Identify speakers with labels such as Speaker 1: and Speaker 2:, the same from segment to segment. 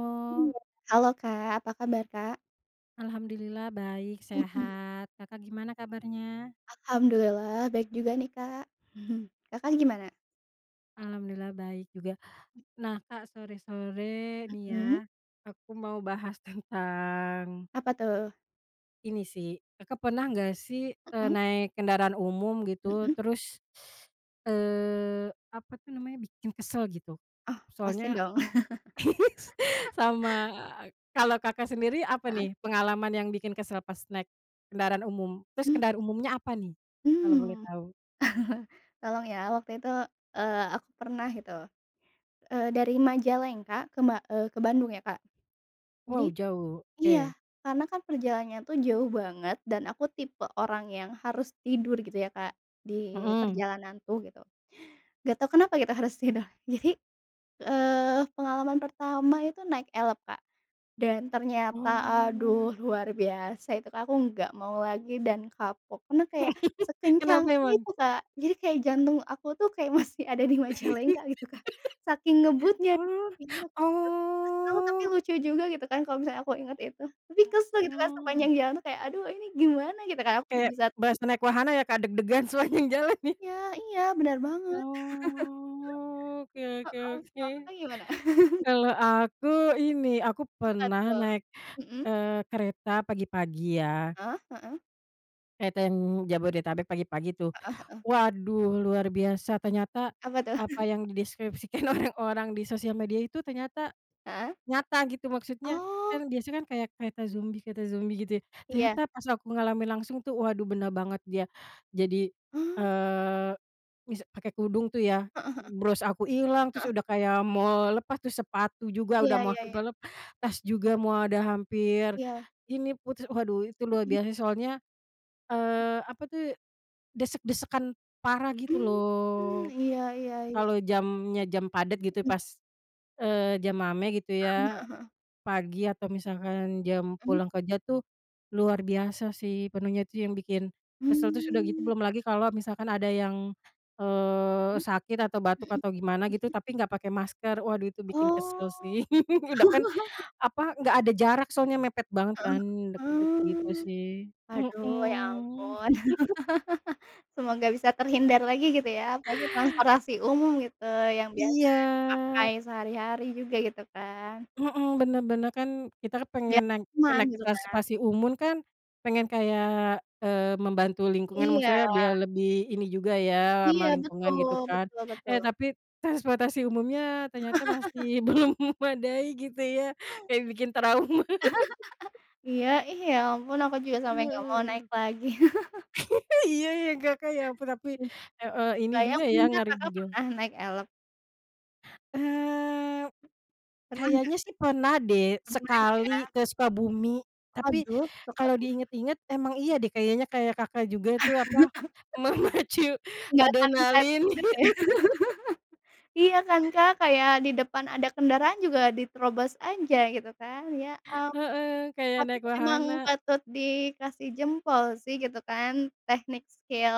Speaker 1: Oh.
Speaker 2: Iya, halo, Kak, apa kabar, Kak?
Speaker 1: Alhamdulillah, baik
Speaker 2: Mhm.
Speaker 1: sehat. Kakak gimana kabarnya?
Speaker 2: Alhamdulillah, baik juga nih, Kak. Kakak gimana?
Speaker 1: Alhamdulillah, baik juga. Nah, Kak, sore-sore nih ya,
Speaker 2: Mhm.
Speaker 1: aku mau bahas tentang
Speaker 2: Apa, tuh?
Speaker 1: ini sih, Kakak pernah nggak sih, eee,
Speaker 2: Mhm.
Speaker 1: naik kendaraan umum, gitu,
Speaker 2: Mhm.
Speaker 1: terus, eee, apa tuh namanya, bikin kesel, gitu?
Speaker 2: Oh, pasti,
Speaker 1: Soalnya
Speaker 2: dong.
Speaker 1: aku sama, kalau Kakak sendiri, apa
Speaker 2: Heeh.
Speaker 1: nih pengalaman yang bikin kesel pas naik kendaraan umum? Terus
Speaker 2: Mmm.
Speaker 1: kendaraan umumnya apa nih,
Speaker 2: Mmm.
Speaker 1: kalau boleh tahu?
Speaker 2: Tolong ya, waktu itu, eee, aku pernah gitu, eee, dari Majalengka kema eee, ke Bandung ya, Kak.
Speaker 1: Wow,
Speaker 2: Jadi
Speaker 1: jauh,
Speaker 2: iya,
Speaker 1: oke.
Speaker 2: karena kan perjalanannya tuh jauh banget dan aku tipe orang yang harus tidur, gitu ya Kak, di
Speaker 1: Mhm.
Speaker 2: perjalanan tuh, gitu. Enggak tahu kenapa kita harus tidur. Jadi, eee, pengalaman pertama itu naik Elf, Kak. Dan ternyata aduh,
Speaker 1: Oh.
Speaker 2: luar biasa itu, Kak, aku enggak mau lagi dan kapok, karena kayak sekencang
Speaker 1: Kenapa emang?
Speaker 2: itu, Kak. Jadi kayak jantung aku tuh kayak masih ada di Majalengka gitu, Kak. Saking ngebutnya,
Speaker 1: Oh,
Speaker 2: [unintelligible] kesel tapi
Speaker 1: oh.
Speaker 2: lucu juga gitu kan, kalau misalnya aku inget itu. Tapi kesel gitu, Kak,
Speaker 1: Mhm.
Speaker 2: sepanjang jalan tuh kayak, "aduh ini gimana?" gitu kayak aku
Speaker 1: Kayak
Speaker 2: di saat
Speaker 1: berasa naik wahana ya, Kak, deg-degan sepanjang jalan, nih.
Speaker 2: Iya iya, benar banget.
Speaker 1: Oh. Oke oke
Speaker 2: Heeh,
Speaker 1: oke.
Speaker 2: kalau Kakak gimana?
Speaker 1: Kalau aku ini aku
Speaker 2: Apa,
Speaker 1: pernah
Speaker 2: tuh?
Speaker 1: naik,
Speaker 2: Mhm.
Speaker 1: eee, kereta pagi-pagi, ya.
Speaker 2: Hah? Heeh.
Speaker 1: Kereta yang Jabodetabek pagi-pagi tuh,
Speaker 2: Heeh heeh.
Speaker 1: waduh luar biasa, ternyata
Speaker 2: Apa tuh?
Speaker 1: apa yang deskripsikan orang-orang di sosial media itu ternyata
Speaker 2: Heeh.
Speaker 1: nyata gitu, maksudnya,
Speaker 2: Oh.
Speaker 1: kan biasanya kan kayak kereta zombie kereta zombie gitu ya.
Speaker 2: Iya.
Speaker 1: Ternyata pas aku ngalamin langsung tuh, waduh benar banget dia, jadi,
Speaker 2: Mmm.
Speaker 1: eee, misa pakai kudung tuh ya,
Speaker 2: Heeh heeh.
Speaker 1: mmm, bros aku ilang, terus
Speaker 2: Heeh.
Speaker 1: udah kayak mau lepas, terus sepatu juga
Speaker 2: Iya
Speaker 1: udah mau
Speaker 2: iya
Speaker 1: sampe
Speaker 2: iya.
Speaker 1: lepas juga, mau ada hampir
Speaker 2: Iya.
Speaker 1: ini, putus. Waduh itu luar
Speaker 2: Mhm.
Speaker 1: biasa soalnya, eee, apa tuh, desek-desekan parah gitu
Speaker 2: Mmm mmm,
Speaker 1: loh.
Speaker 2: iya iya iya.
Speaker 1: Kalau jamnya, jam padet gitu
Speaker 2: Mhm.
Speaker 1: pas, eee, jam mame gitu
Speaker 2: Heeh
Speaker 1: ya.
Speaker 2: heeh heeh.
Speaker 1: Pagi atau misalkan jam
Speaker 2: Mmm.
Speaker 1: pulang kerja tuh, luar biasa sih, penuhnya tuh yang bikin kesel, terus udah gitu,
Speaker 2: Mmm.
Speaker 1: belum lagi kalau misalkan ada yang, eee,
Speaker 2: Mhm,
Speaker 1: sakit atau
Speaker 2: mhm,
Speaker 1: batuk atau gimana gitu,
Speaker 2: mhm.
Speaker 1: tapi nggak pake masker, waduh tuh bikin
Speaker 2: Oh.
Speaker 1: kesel sih. Udah kan apa, nggak ada jarak soalnya, mepet banget
Speaker 2: Heeh,
Speaker 1: kan, deket-deket gitu
Speaker 2: ah.
Speaker 1: sih,
Speaker 2: Aduh, ya
Speaker 1: mhm.
Speaker 2: ampun. Semoga bisa terhindar lagi gitu ya, apalagi transportasi umum gitu, yang biasa
Speaker 1: Iya.
Speaker 2: dipakai sehari-hari juga, gitu kan.
Speaker 1: Mhm, benar benar, kan kita
Speaker 2: Ya,
Speaker 1: pengen naik
Speaker 2: cuman
Speaker 1: naik
Speaker 2: gitu kan.
Speaker 1: transportasi umum kan, pengen kayak, eee, membantu lingkungan,
Speaker 2: Iya.
Speaker 1: maksudnya biar lebih ini juga ya,
Speaker 2: Iya,
Speaker 1: ramah lingkungan
Speaker 2: betul,
Speaker 1: gitu kan.
Speaker 2: betul betul.
Speaker 1: Eh tapi, transportasi umumnya ternyata masih belum memadai gitu ya, kayak bikin trauma.
Speaker 2: Iya, ih ya ampun, aku juga sampe nggak mau naik
Speaker 1: Heeh.
Speaker 2: lagi.
Speaker 1: Iya ya, Kakak ya, perapi
Speaker 2: Iya.
Speaker 1: heeh, ini
Speaker 2: Bayang
Speaker 1: juga ya,
Speaker 2: emangnya
Speaker 1: ngeri
Speaker 2: Kakak
Speaker 1: juga.
Speaker 2: pernah naik Elf?
Speaker 1: Eee,
Speaker 2: Pernah nggak?
Speaker 1: kayaknya sih pernah deh
Speaker 2: Pernah
Speaker 1: sekali
Speaker 2: ya.
Speaker 1: ke Sukabumi. Tapi
Speaker 2: Aduh,
Speaker 1: kalau
Speaker 2: Sukabumi.
Speaker 1: diinget-inget, emang iya deh kayaknya, kayak Kakak juga itu apa, memacu
Speaker 2: Nggak akan bisa
Speaker 1: adrenalin.
Speaker 2: tidurlah ya. Iya kan, Kak, kayak di depan ada kendaraan juga diterobos aja gitu kan, ya ampun.
Speaker 1: Heeh, kayak
Speaker 2: Tapi
Speaker 1: naik
Speaker 2: emang
Speaker 1: wahana.
Speaker 2: patut dikasih jempol sih gitu kan, teknik skill,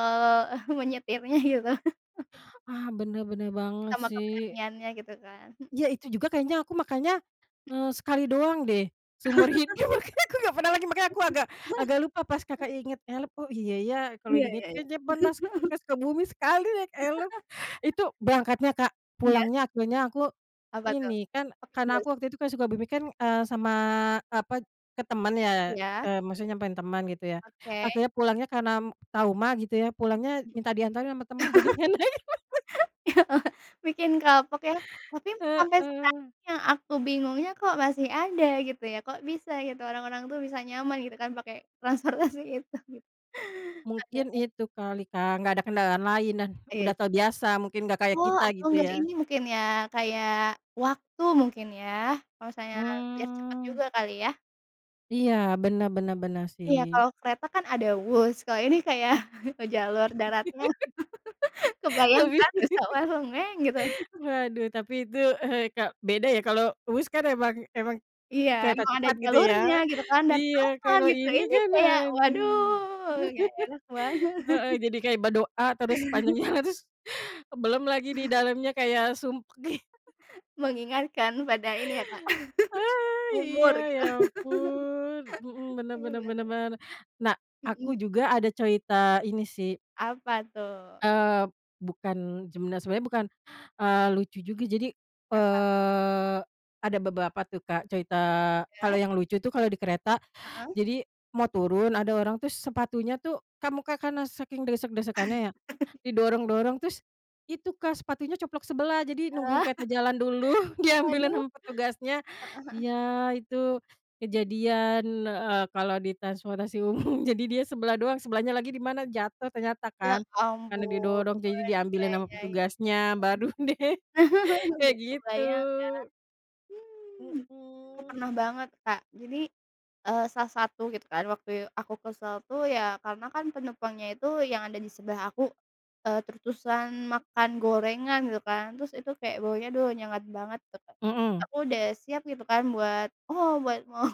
Speaker 2: menyetirnya gitu.
Speaker 1: Ah, bener, bener banget
Speaker 2: Sama
Speaker 1: sih.
Speaker 2: keberaniannya gitu kan, he
Speaker 1: Iya, itu juga kayaknya, aku makanya, eee,
Speaker 2: Mhm.
Speaker 1: sekali doang deh, seumur hidup makanya aku nggak pernah lagi. Makanya aku agak agak lupa pas kakak ingat Elf, oh iya ya, kalau
Speaker 2: Iya
Speaker 1: diinget
Speaker 2: iya iya.
Speaker 1: kayaknya pernah s ke Sukabumi sekali naik Elf, itu berangkatnya, Kak.
Speaker 2: Iya.
Speaker 1: Pulangnya akhirnya aku
Speaker 2: Apa tuh?
Speaker 1: ini kan,
Speaker 2: Pake
Speaker 1: karena
Speaker 2: bus.
Speaker 1: aku waktu itu kan Sukabumi kan, eee, sama apa, ke temen ya,
Speaker 2: Iya.
Speaker 1: eee, maksudnya nyamperin temen gitu ya.
Speaker 2: Oke.
Speaker 1: Akhirnya, pulangnya karena, mmm, trauma gitu ya, pulangnya minta diantarin sama temen jadi nggak naik
Speaker 2: Mhm. Bikin kapok ya, tapi sampai sekarang
Speaker 1: Heeh.
Speaker 2: yang aku bingungnya, kok masih ada gitu ya? Kok bisa gitu, orang-orang tuh bisa nyaman gitu kan pakai transportasi itu gitu.
Speaker 1: Mungkin
Speaker 2: Padahal
Speaker 1: itu kali, Kak, nggak ada kendaraan lain dan
Speaker 2: Iya.
Speaker 1: udah terbiasa, mungkin nggak kayak
Speaker 2: Oh,
Speaker 1: kita
Speaker 2: atau
Speaker 1: gitu
Speaker 2: nggak,
Speaker 1: ya.
Speaker 2: ini mungkin ya, kayak waktu mungkin ya. Kalau misalnya, biar cepet
Speaker 1: Mmm.
Speaker 2: juga kali ya.
Speaker 1: Iya bener bener bener
Speaker 2: Iya
Speaker 1: sih.
Speaker 2: kalau kereta kan ada Whoosh, kalau ini kayak jalur daratnya kebayang
Speaker 1: Tapi
Speaker 2: kan bisa bareng ngeng gitu.
Speaker 1: Waduh tapi itu, beda ya kalau Whoosh kan emang emang,
Speaker 2: Iya,
Speaker 1: kereta
Speaker 2: emang ada
Speaker 1: cepat gitu ya,
Speaker 2: jalurnya gitu kan dan
Speaker 1: iya
Speaker 2: aman
Speaker 1: kalau
Speaker 2: gitu,
Speaker 1: ini
Speaker 2: ini
Speaker 1: kan
Speaker 2: kayak
Speaker 1: aduh,
Speaker 2: waduh gak enak banget.
Speaker 1: heeh, jadi kayak berdoa terus sepanjang jalan terus belum lagi di dalamnya kayak sumpek, ih.
Speaker 2: Mengingatkan pada ini ya Kak
Speaker 1: Ah, iya
Speaker 2: umur gitu.
Speaker 1: ya ampun, mhm, bener
Speaker 2: Iya
Speaker 1: bener
Speaker 2: bener.
Speaker 1: bener bener. Nah aku
Speaker 2: Mhm.
Speaker 1: juga ada cerita ini sih.
Speaker 2: Apa tuh?
Speaker 1: Eee, bukan sebener sebenernya bukan, eee, lucu juga jadi,
Speaker 2: Kenapa?
Speaker 1: eee, ada beberapa tuh Kak cerita kalau
Speaker 2: Ya.
Speaker 1: yang lucu tuh kalau di kereta
Speaker 2: Heeh.
Speaker 1: jadi mau turun ada orang terus sepatunya tuh kan mungkin karena saking desek-desekannya ya, didorong-dorong terus, itu Kak sepatunya coplok sebelah jadi nungguin
Speaker 2: Ah.
Speaker 1: kereta jalan dulu diambilin
Speaker 2: Waduh,
Speaker 1: sama petugasnya,
Speaker 2: heeh heeh.
Speaker 1: ya itu
Speaker 2: Mhm.
Speaker 1: kejadian, eee, kalau di transportasi umum jadi dia sebelah doang sebelahnya lagi di mana jatuh ternyata
Speaker 2: Ya
Speaker 1: kan karena
Speaker 2: ampun
Speaker 1: didorong, jadi
Speaker 2: ya
Speaker 1: diambilin ama
Speaker 2: ya ya ya.
Speaker 1: petugasnya baru
Speaker 2: [unintelligible]
Speaker 1: deh kayak
Speaker 2: Nggak
Speaker 1: gitu.
Speaker 2: kebayang ya, mmm, aku
Speaker 1: Mhm.
Speaker 2: pernah banget Kak jadi, eee, salah satu gitu kan waktu aku kesel tu ya karena kan penumpangnya itu yang ada di sebelah aku, eee, terus-terusan makan gorengan gitu kan, terus itu kayak baunya duh nyengat banget tuh Kak,
Speaker 1: Mhm.
Speaker 2: aku udah siap gitu kan buat oh buat mau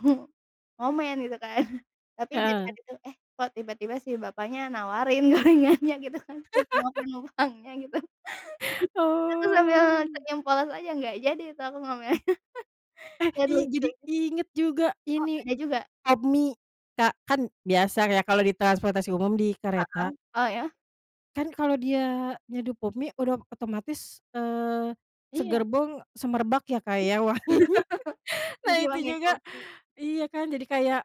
Speaker 2: ngomen gitu kan tapi dari
Speaker 1: Heeh.
Speaker 2: hati itu, eh, kok tiba-tiba si bapaknya nawarin gorengannya gitu kan ke semua penumpangnya gitu, terus aku sambil
Speaker 1: Oh.
Speaker 2: senyum polos aja enggak jadi itu aku ngomennya
Speaker 1: Eh,
Speaker 2: dan
Speaker 1: iya jadi
Speaker 2: lucunya
Speaker 1: inget juga
Speaker 2: Oh
Speaker 1: ini,
Speaker 2: ada juga.
Speaker 1: Pop Mie Kak kan biasa ya kalau di transportasi umum di
Speaker 2: Heeh,
Speaker 1: kereta,
Speaker 2: oh ya?
Speaker 1: kan kalau dia nyeduh Pop Mie udah otomatis, eee,
Speaker 2: Iya.
Speaker 1: segerbong semerbak ya Kak ya wanginya, nah
Speaker 2: Jadi
Speaker 1: itu
Speaker 2: wangi Pop
Speaker 1: juga
Speaker 2: Mie.
Speaker 1: iya kan? Jadi kayak,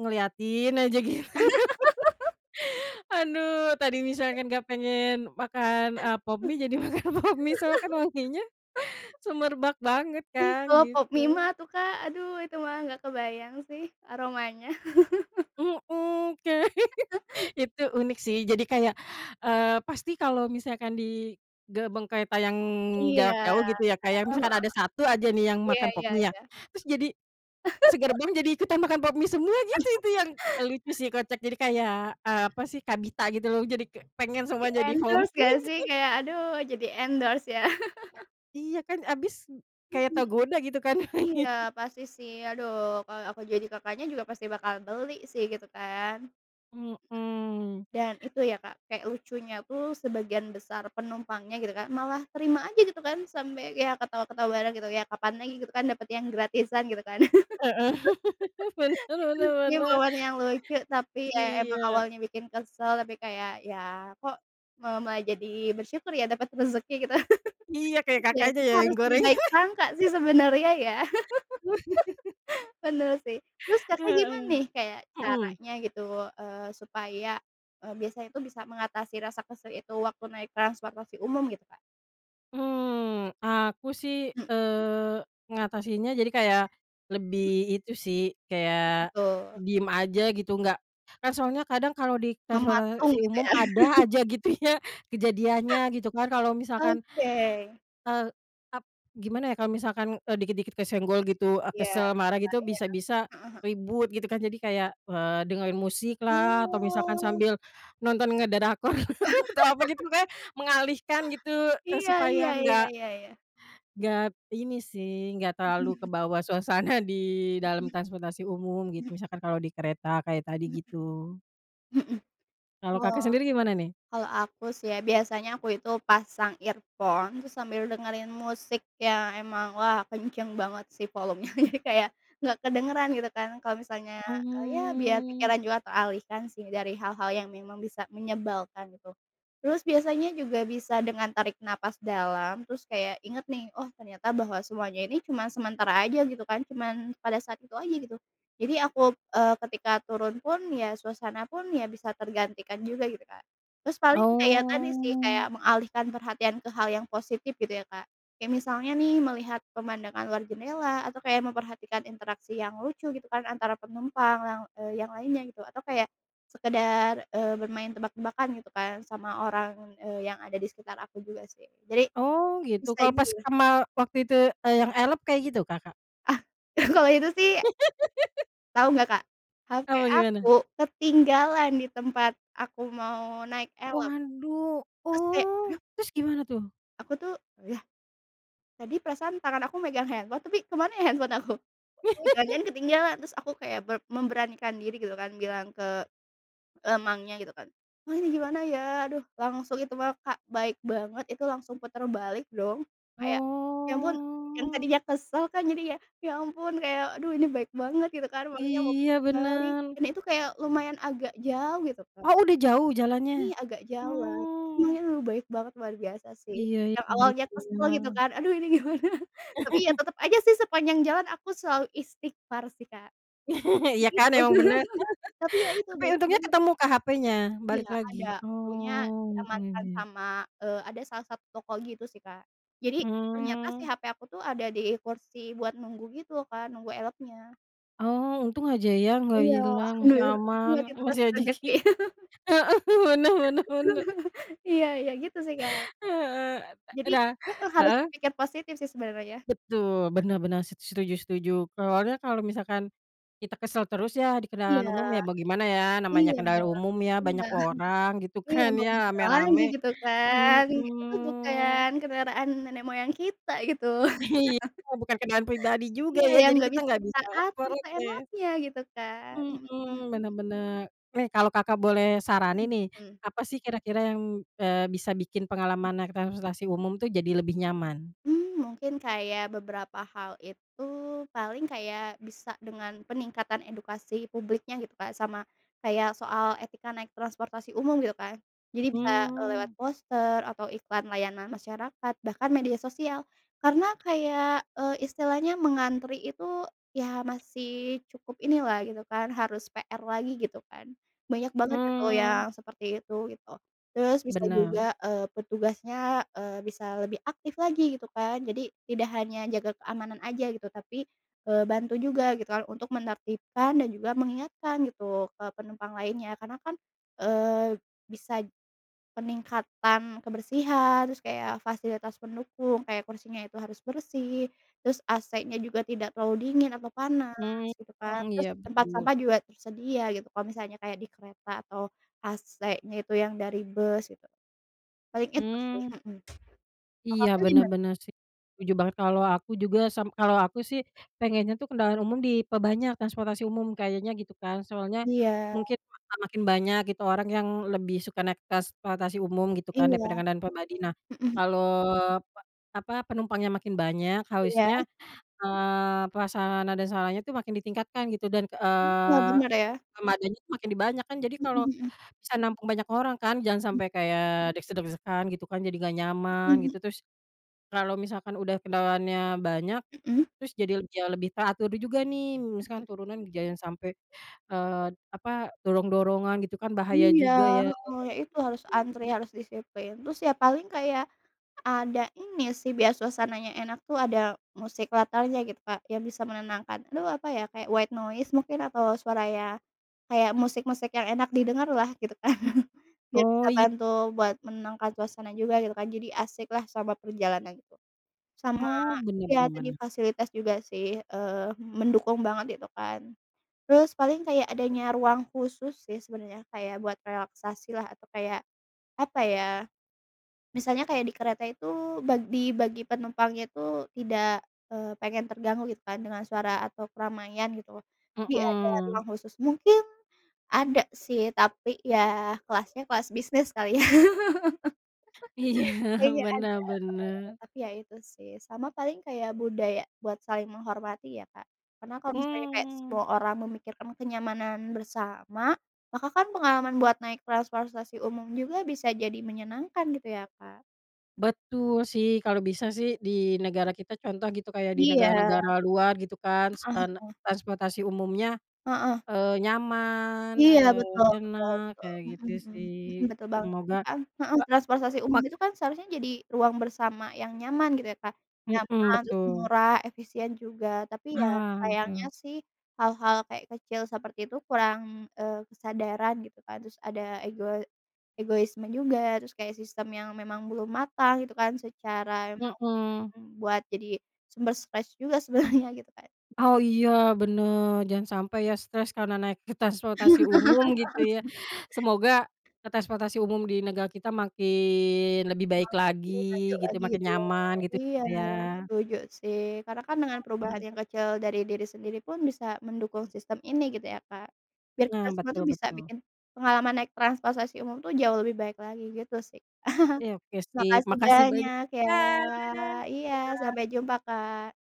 Speaker 1: ngeliatin aja gitu. Aduh tadi misalkan nggak pengen makan, eee, Pop Mie jadi makan Pop Mie soalnya kan wanginya semerbak banget
Speaker 2: Ih,
Speaker 1: kan
Speaker 2: kalau Pop Mie
Speaker 1: gitu.
Speaker 2: mah atuh Kak, aduh itu mah enggak kebayang sih aromanya.
Speaker 1: Mhm, kayak itu unik sih jadi kayak, eee, pasti kalau misalkan di gerbong kereta yang
Speaker 2: Iya,
Speaker 1: jarak
Speaker 2: heeh
Speaker 1: jauh gitu ya Kak ya, misalkan
Speaker 2: heeh,
Speaker 1: ada 1 aja nih yang
Speaker 2: iya
Speaker 1: makan Pop
Speaker 2: iya
Speaker 1: Mie ya,
Speaker 2: iya.
Speaker 1: terus jadi segerbong jadi ikutan makan Pop Mie semua gitu itu yang lucu sih, kocak. Jadi kayak, apa sih, kabita gitu loh, jadi k pengen semua, jadi Pop
Speaker 2: Di-endorse
Speaker 1: Mie.
Speaker 2: gak sih, kayak aduh jadi endorse ya.
Speaker 1: Iya kan abis, kayak
Speaker 2: Mhm.
Speaker 1: tergoda gitu kan.
Speaker 2: Iya pasti sih, aduh kalau aku jadi Kakaknya juga pasti bakal beli sih gitu kan.
Speaker 1: Mhm.
Speaker 2: Dan itu ya Kak, kayak lucunya tuh sebagian besar penumpangnya gitu Kak malah terima aja gitu kan, sampai ya ketawa-ketawa bareng gitu, ya kapan lagi gitu kan dapat yang gratisan gitu kan,
Speaker 1: Heeh, bener
Speaker 2: gitu
Speaker 1: bener
Speaker 2: sih
Speaker 1: bener.
Speaker 2: momen yang lucu, tapi ya emang
Speaker 1: Iya.
Speaker 2: awalnya bikin kesal tapi kayak ya kok, malah mulai jadi bersyukur ya dapat rezeki gitu
Speaker 1: Iya kayak
Speaker 2: ya,
Speaker 1: Kakaknya
Speaker 2: kita
Speaker 1: ya yang
Speaker 2: harus
Speaker 1: gorengan.
Speaker 2: berbaik sangka sih sebenarnya, ya bener sih. Terus, Kakak gimana
Speaker 1: Heeh,
Speaker 2: nih kayak
Speaker 1: mhm.
Speaker 2: caranya gitu, eee, supaya, eee, biasanya itu bisa mengatasi rasa kesel itu waktu naik transportasi umum gitu Kak?
Speaker 1: Hmm, aku sih,
Speaker 2: Mmm.
Speaker 1: eee, ngatasinnya jadi kayak lebih itu sih,
Speaker 2: Apa
Speaker 1: kayak
Speaker 2: tuh?
Speaker 1: diem aja gitu nggak kan soalnya kadang kalau di
Speaker 2: Mematung
Speaker 1: transportasi
Speaker 2: gitu,
Speaker 1: umum
Speaker 2: ya.
Speaker 1: ada aja gitu ya, kejadiannya, gitu kan. Kalau misalkan
Speaker 2: Oke.
Speaker 1: eee, ap gimana ya, kalau misalkan, eee, dikit-dikit kesenggol gitu, eee,
Speaker 2: Iya
Speaker 1: kesel
Speaker 2: iya
Speaker 1: marah gitu
Speaker 2: iya,
Speaker 1: bisa-bisa
Speaker 2: heeh heeh.
Speaker 1: ribut gitu kan, jadi kayak, eee, dengerin musiklah, atau misalkan
Speaker 2: Oh.
Speaker 1: sambil nonton ngedrakor atau apa gitu pokoknya mengalihkan gitu, eee,
Speaker 2: Iya iya
Speaker 1: supaya
Speaker 2: iya
Speaker 1: nggak
Speaker 2: iya iya.
Speaker 1: nggak ini sih, nggak
Speaker 2: Mhm
Speaker 1: terlalu
Speaker 2: mhm.
Speaker 1: kebawa suasana di dalam
Speaker 2: Mhm,
Speaker 1: transportasi umum,
Speaker 2: mhm.
Speaker 1: gitu. Misalkan kalau di kereta kayak tadi,
Speaker 2: Mhm,
Speaker 1: gitu.
Speaker 2: mhm.
Speaker 1: Kalau
Speaker 2: Oh.
Speaker 1: Kakak sendiri gimana, nih?
Speaker 2: Kalau aku sih ya, biasanya aku itu pasang earphone, terus sambil dengerin musik yang emang wah, kenceng banget sih, volumenya. Jadi kayak enggak kedengeran, gitu kan. Kalau misalnya, eee, ya biar
Speaker 1: Hmm.
Speaker 2: pikiran juga teralihkan sih, dari hal-hal yang memang bisa menyebalkan, gitu. Terus biasanya juga bisa dengan tarik napas dalam, terus kayak inget nih, "Oh, ternyata bahwa semuanya ini cuma sementara aja", gitu kan. Cuman pada saat itu aja, gitu. Jadi aku, eee, ketika turun pun, ya suasana pun ya bisa tergantikan juga gitu, Kak. Terus paling kayak tadi sih, kayak
Speaker 1: Oh.
Speaker 2: mengalihkan perhatian ke hal yang positif gitu ya Kak. Kayak misalnya nih, melihat pemandangan luar jendela atau kayak memperhatikan interaksi yang lucu, gitu kan, antara penumpang yang, eee, yang lainnya, gitu. Atau kayak sekedar, eee, bermain tebak-tebakan gitu kan sama orang, eee, yang ada di sekitar aku juga, sih. Jadi
Speaker 1: Oh, gitu.
Speaker 2: bisa
Speaker 1: Kalau pas
Speaker 2: [unintelligible]
Speaker 1: kamal waktu itu, eee, yang Elf kayak gitu, Kakak?
Speaker 2: Ah, kalau itu sih tahu enggak Kak? HP
Speaker 1: Apa
Speaker 2: aku,
Speaker 1: gimana?
Speaker 2: ketinggalan di tempat aku mau naik Elf.
Speaker 1: Waduh,
Speaker 2: Terus kayak,
Speaker 1: oh,
Speaker 2: duh
Speaker 1: terus gimana tuh?
Speaker 2: Aku tuh, yah tadi perasaan tangan aku megang handphone, tapi kemana ya handphone aku? Oh, jangan-jangan ketinggalan, terus aku kayak ber memberanikan diri gitu kan, bilang ke, eee, mangnya gitu kan, "Mang ini gimana ya?" Aduh, langsung itu mah, Kak, baik banget, itu langsung putar balik dong. Kayak, ya ampun, yang
Speaker 1: Oh.
Speaker 2: tadinya kesel kan jadi ya, ya ampun kayak aduh ini baik banget gitu kan, mangnya mau
Speaker 1: Iya,
Speaker 2: puter balik.
Speaker 1: bener.
Speaker 2: Dan itu kayak lumayan agak jauh gitu kan.
Speaker 1: Oh, udah jauh jalannya?
Speaker 2: Iya, agak jauhan.
Speaker 1: Oh.
Speaker 2: [unintelligible] baik banget, luar biasa sih.
Speaker 1: Iya iya,
Speaker 2: Yang
Speaker 1: bener
Speaker 2: awalnya kesel, gitu
Speaker 1: bener.
Speaker 2: kan. Aduh ini gimana? Tapi iya tetep aja sih sepanjang jalan aku selalu istighfar sih, Kak.
Speaker 1: Iya kan,
Speaker 2: [unintelligible]
Speaker 1: emang bener.
Speaker 2: Tapi ya itu
Speaker 1: Tapi
Speaker 2: baik
Speaker 1: untungnya
Speaker 2: banget.
Speaker 1: ketemu Kak, HP-nya? Balik
Speaker 2: Iya ada,
Speaker 1: lagi?
Speaker 2: untungnya
Speaker 1: Oh, untung
Speaker 2: diamankan
Speaker 1: aja.
Speaker 2: sama, eee, ada salah satu toko gitu sih, Kak. Jadi ternyata si
Speaker 1: Hmm.
Speaker 2: HP aku tuh ada di kursi buat nunggu gitu kan, nunggu Elf-nya.
Speaker 1: Oh, untung aja ya nggak
Speaker 2: Iya,
Speaker 1: hilang masih
Speaker 2: alhamdulillah, untung
Speaker 1: aman,
Speaker 2: aja itu
Speaker 1: masih
Speaker 2: masih terasa
Speaker 1: rezeki
Speaker 2: rejeki.
Speaker 1: heeh, bener bener bener.
Speaker 2: Iya iya, gitu sih, Kak.
Speaker 1: Heeh, e e
Speaker 2: Jadi
Speaker 1: dah
Speaker 2: heeh, harus
Speaker 1: heeh?
Speaker 2: berpikir positif sih sebenarnya.
Speaker 1: Betul, bener bener, s setuju setuju. Soalnya kalau misalkan kita kesel terus ya di kendaraan
Speaker 2: Iya,
Speaker 1: umum ya bagaimana ya, namanya
Speaker 2: iya,
Speaker 1: kendaraan umum ya, banyak
Speaker 2: bener,
Speaker 1: orang gitu
Speaker 2: iya,
Speaker 1: kan
Speaker 2: mau
Speaker 1: ya,
Speaker 2: gimana lagi
Speaker 1: rame-rame.
Speaker 2: gitu kan. Kayak itu
Speaker 1: Hmm.
Speaker 2: bukan kendaraan nenek moyang kita, gitu.
Speaker 1: Iya, bukan kendaraan pribadi juga
Speaker 2: Iya,
Speaker 1: ya,
Speaker 2: yang
Speaker 1: jadi
Speaker 2: nggak
Speaker 1: kita
Speaker 2: bisa
Speaker 1: nggak
Speaker 2: kita
Speaker 1: bisa
Speaker 2: atur
Speaker 1: protes.
Speaker 2: seenaknya gitu kan, mhm mhm.
Speaker 1: Mhm, bener bener. Eh, kalau Kakak boleh saranin nih,
Speaker 2: Hmm.
Speaker 1: apa sih kira-kira yang, eee, bisa bikin pengalaman naik transportasi umum tuh jadi lebih nyaman?
Speaker 2: Mmm, mungkin kayak beberapa hal itu, paling kayak bisa dengan peningkatan edukasi publiknya gitu Kak, sama kayak soal etika naik transportasi umum, gitu kan. Jadi bisa, eee, lewat
Speaker 1: Mmm.
Speaker 2: poster atau iklan layanan masyarakat, bahkan media sosial. Karena kayak, eee, istilahnya mengantri itu, ya masih cukup inilah gitu kan, harus PR lagi gitu kan, banyak banget itu
Speaker 1: Mmm.
Speaker 2: yang seperti itu, gitu. Terus bisa
Speaker 1: Bener.
Speaker 2: juga, eee, petugasnya, eee, bisa lebih aktif lagi, gitu kan. Jadi tidak hanya jaga keamanan aja gitu, tapi, eee, bantu juga gitu kan, untuk menertibkan dan juga mengingatkan gitu ke penumpang lainnya. Karena kan, eee, bisa peningkatan kebersihan, terus kayak fasilitas pendukung, kayak kursinya itu harus bersih, terus AC-nya juga tidak terlalu dingin atau panas,
Speaker 1: Mmm,
Speaker 2: gitu kan.
Speaker 1: mmm,
Speaker 2: Terus
Speaker 1: iya
Speaker 2: tempat
Speaker 1: betul.
Speaker 2: sampah juga tersedia gitu, kalau misalnya kayak di kereta atau AC-nya itu yang dari bus gitu. Paling itu sih,
Speaker 1: Mmm.
Speaker 2: mhm. Kalau
Speaker 1: Iya,
Speaker 2: Kakak
Speaker 1: bener
Speaker 2: gimana?
Speaker 1: bener sih, setuju banget. Kalau aku juga sam kalau aku sih pengennya tuh kendaraan umum diperbanyak, transportasi umum kayaknya gitu kan. Soalnya
Speaker 2: Iya.
Speaker 1: mungkin akan makin banyak gitu orang yang lebih suka naik transportasi umum gitu kan,
Speaker 2: Iya.
Speaker 1: daripada kendaraan pribadi. Nah,
Speaker 2: Mhm.
Speaker 1: kalau pe apa, penumpangnya makin banyak,
Speaker 2: Iya.
Speaker 1: harusnya, eee, prasarana dan sarannya tuh makin ditingkatkan gitu dan,
Speaker 2: Iya,
Speaker 1: eee,
Speaker 2: bener, ya.
Speaker 1: armadanya tuh makin di banyak, kan jadi
Speaker 2: Mhm
Speaker 1: kalau
Speaker 2: mhm.
Speaker 1: bisa nampung banyak orang kan, jangan
Speaker 2: Mhm.
Speaker 1: sampai kayak desak-desakan gitu kan, jadi nggak nyaman,
Speaker 2: Mhm.
Speaker 1: gitu. Terus, kalau misalkan udah kendaraannya banyak,
Speaker 2: Mhm.
Speaker 1: terus jadi le jauh lebih teratur juga, nih.
Speaker 2: Heeh.
Speaker 1: Misalkan turunan jangan sampai, eee, apa, dorong-dorongan gitu kan, bahaya
Speaker 2: Iya,
Speaker 1: juga, ya.
Speaker 2: heeh, ya itu harus antri,
Speaker 1: [unintelligible]
Speaker 2: harus disiplin. Terus ya, paling kayak ada ini sih biar suasananya enak tuh ada musik latarnya gitu, Kak, yang bisa menenangkan. Aduh, apa ya, kayak white noise mungkin atau suara ya, kayak musik-musik yang enak didengarlah, gitu kan. Biar bisa
Speaker 1: Oh, iy
Speaker 2: bantu buat menangkan suasana juga gitu kan, jadi asiklah sama perjalanan, gitu. Sama
Speaker 1: Oh, bener
Speaker 2: ya
Speaker 1: bener
Speaker 2: tadi
Speaker 1: bener.
Speaker 2: fasilitas juga sih, eee, mendukung banget gitu kan. Terus paling kayak adanya ruang khusus sih sebenarnya, kayak buat relaksasilah, atau kayak apa ya, misalnya kayak di kereta itu bag dibagi penumpangnya tuh tidak, eee, pengen terganggu, gitu kan, dengan suara atau keramaian gitu, jadi ada ruang
Speaker 1: Mhm.
Speaker 2: khusus. Mungkin ada sih, tapi ya kelasnya kelas bisnis kali ya.
Speaker 1: Iya,
Speaker 2: Kayaknya ada,
Speaker 1: bener
Speaker 2: eee,
Speaker 1: bener.
Speaker 2: tapi ya itu sih. Sama paling kayak budaya buat saling menghormati ya, Kak. Karena kalau misalnya kayak
Speaker 1: Mmm.
Speaker 2: semua orang memikirkan kenyamanan bersama, maka kan pengalaman buat naik transportasi umum juga bisa jadi menyenangkan gitu ya, Kak.
Speaker 1: Betul, sih. Kalau bisa sih di negara kita contoh gitu, kayak di
Speaker 2: Iya.
Speaker 1: negara-negara luar gitu kan, s
Speaker 2: Heeh
Speaker 1: e ne
Speaker 2: heeh.
Speaker 1: transportasi umumnya,
Speaker 2: Heeh.
Speaker 1: eee, nyaman,
Speaker 2: Iya,
Speaker 1: eee,
Speaker 2: betul betul
Speaker 1: enak
Speaker 2: betul.
Speaker 1: kayak
Speaker 2: Mhm
Speaker 1: gitu,
Speaker 2: mhm
Speaker 1: sih.
Speaker 2: mhm, betul banget. Tapi
Speaker 1: Semoga,
Speaker 2: kan
Speaker 1: e
Speaker 2: heeh, transportasi
Speaker 1: ma
Speaker 2: umum itu kan seharusnya jadi ruang bersama yang nyaman, gitu ya, Kak,
Speaker 1: Mhm,
Speaker 2: nyaman, terus
Speaker 1: betul.
Speaker 2: murah, efisien juga. Tapi ya,
Speaker 1: Ah,
Speaker 2: sayangnya
Speaker 1: betul.
Speaker 2: sih, hal-hal kayak kecil seperti itu kurang, eee, kesadaran gitu kan. Terus ada ego egoisme juga, terus kayak sistem yang memang belum matang, gitu kan secara [unintelligible]
Speaker 1: Mhm.
Speaker 2: buat jadi sumber stres juga sebenarnya, gitu kan.
Speaker 1: Oh, iya, bener. Jangan sampai ya stres karena naik transportasi umum gitu ya. Semoga, transportasi umum di negara kita makin
Speaker 2: Terkenal
Speaker 1: lebih baik lagi
Speaker 2: lebih maju
Speaker 1: gitu,
Speaker 2: lagi,
Speaker 1: makin
Speaker 2: gitu.
Speaker 1: nyaman
Speaker 2: Iya,
Speaker 1: gitulah ya.
Speaker 2: setuju sih. Karena kan dengan perubahan
Speaker 1: Hmm.
Speaker 2: yang kecil dari diri sendiri pun bisa mendukung sistem ini gitu ya, Kak. Biar kita
Speaker 1: Nah,
Speaker 2: semua
Speaker 1: betul
Speaker 2: tuh bisa
Speaker 1: betul.
Speaker 2: bikin pengalaman naik transportasi umum tuh jauh lebih baik lagi, gitu sih.
Speaker 1: Iya, oke sip.
Speaker 2: Makasih
Speaker 1: Makasih banyak.
Speaker 2: banyak, ya.
Speaker 1: Dah, dadah!
Speaker 2: Iya, sampai jumpa, Kak.